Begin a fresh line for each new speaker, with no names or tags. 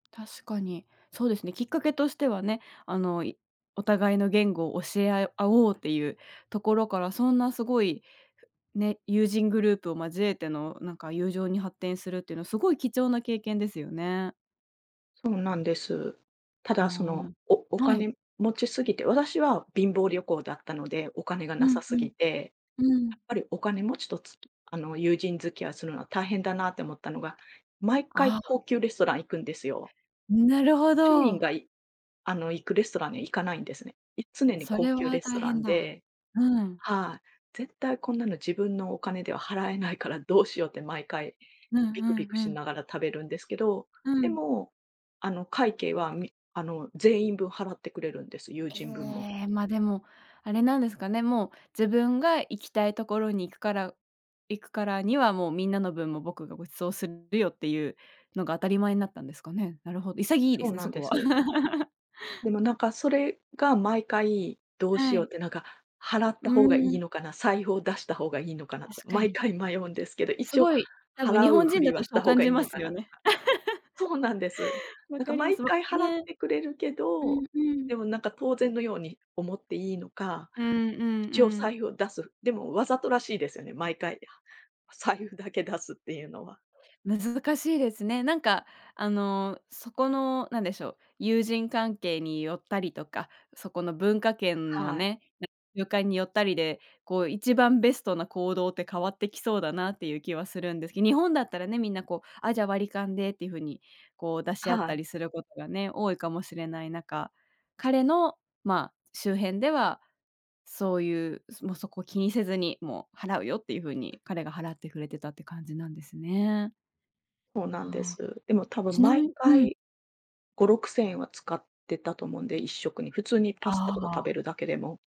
確かに。そうですね、きっかけとしてはね、あの、いお互いの言語を教え合よ合おうっていうところから、そんなすごいね、友人グループを交えての、なんか、友情に発展するっていうのは、すごい貴重な経験ですよね。
そうなんです。た
あ
だ、その、
あ、ん、
おお
はい。
金持ちすぎて、私は貧乏旅行だったのでお金がな
う
さ
ん
す
う
ぎ
ん。
て。
うー
や
ん。
っぱりお金持ちと、つあの、友人付き合いするのは大変だなって思ったのが、毎回
ああ。
高級レストラン行くんですよ。
なるほ
庶民
ど。
がいあの、行くレストランには行かないんですね。い常に
そ
高
れ
級
は
レス
大
トラ
変
ン
だ。
で
うん。
はい、絶対こんなの自分のお金では払えないからどうしようって毎回
うんう
ビクビ
ん
ク
う
し
ん。
ながら食べるんですけど、
う
で
ん。
も、あの、会計は、みあの、全員分払ってくれるんです、友
え
人分も。
え、ま、でも、あれなんですかね。もう自分が行きたいところに行くから行くからには、もう、「みんなの分も僕がご馳走するよ」っていうのが当たり前になったんですかね。なるほど。潔いで
そう
すね、
な
そ
んで
こは。
す。でも、なんか、それが毎回、どうし
は
ようっ
い。
て、なんか、払った
う-
方がいい
ん。
のかな、財布を出した方がいいのかなとか、
確か
毎
に。
回迷うんですけど、
す
一応
ごい、多分日
払う
本
ふ
人
り
だ
は
と
し
そ
た
う
方
感
がい
じ
い
ま
のか
すよ
なと
ね。
か。そうなんです。
分
なんか、
かります、
毎
わ
回払っ
ね。
てくれるけ
う
ど、
んうん。
でも、なんか、当然のように思っていいのか、
うんうん
一応
うん。
財布を出す、でも、わざとらしいですよね、毎回財布だけ出すっていうのは。
難しいですね。なんか、あの、そこの、何でしょう、友人関係によったりとか、そこの文化圏の
はい。
ね、ゆかんによったりで、こう、一番ベストな行動って変わってきそうだなっていう気はするんですけど。日本だったらね、みんな、こう、「あ、じゃ、割り勘で」っていう風に、こう出し合っ
は
た
い。
りすることがね、多いかもしれない中、彼の、まあ、周辺では、そういう、すも、そこ気にせずに、「もう払うよ」っていう風に彼が払ってくれてたって感じなんですね。
そうなんで
はあ。
す。でも多分
ちな
毎
みうん。
回5、6000円は使ってたと思うんで、1食に。普通にパ
あ
スタとか食
あ。
べるだけでも。